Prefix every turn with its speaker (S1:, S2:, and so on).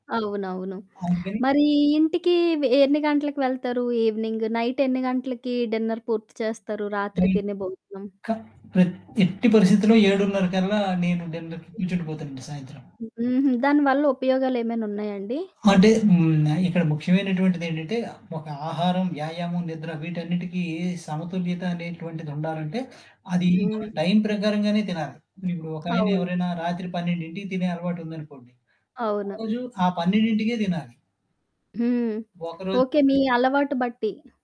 S1: అవునవును.
S2: అందుకని
S1: మరి ఇంటికి వే ఎన్ని గంటలకి వెళ్తారు? ఈవినింగ్, నైట్ ఎన్ని గంటలకి డిన్నర్ పూర్తి చేస్తారు రాత్రి
S2: హ్మ్.
S1: తినే భోజనం?
S2: క టే టే ఎట్టి పరిస్థితిలో 7:30 కల్లా నేను డిన్నర్‌కి
S1: హ్మ్.
S2: కూర్చుండి పోతానుండి సాయంత్రం.
S1: హుహు. దానివల్ల ఉపయోగాలు ఏమైనా ఉన్నాయా అండి?
S2: అంటే. హ్మ్. ఇక్కడ ముఖ్యమైనటువంటిది ఏంటంటే. ఒక ఆహారం, వ్యాయామం, నిద్ర వీటన్నిటికీ సమతుల్యత అనేటువంటిది ఉండాలంటే. అది మన
S1: హ్మ్.
S2: టైం ప్రకారంగానే తినాలి. ఇప్పుడు ఒకాయన
S1: అవును.
S2: ఎవరైనా రాత్రి 12కి తినే అలవాటు ఉందనుకోండి. ఆ
S1: అవును.
S2: రోజు ఆ 12కె తినాలి.
S1: హ్మ్.
S2: ఒకరోజు
S1: ఓకే.
S2: పొద్దున్న
S1: మీ అలవాటు బట్టి.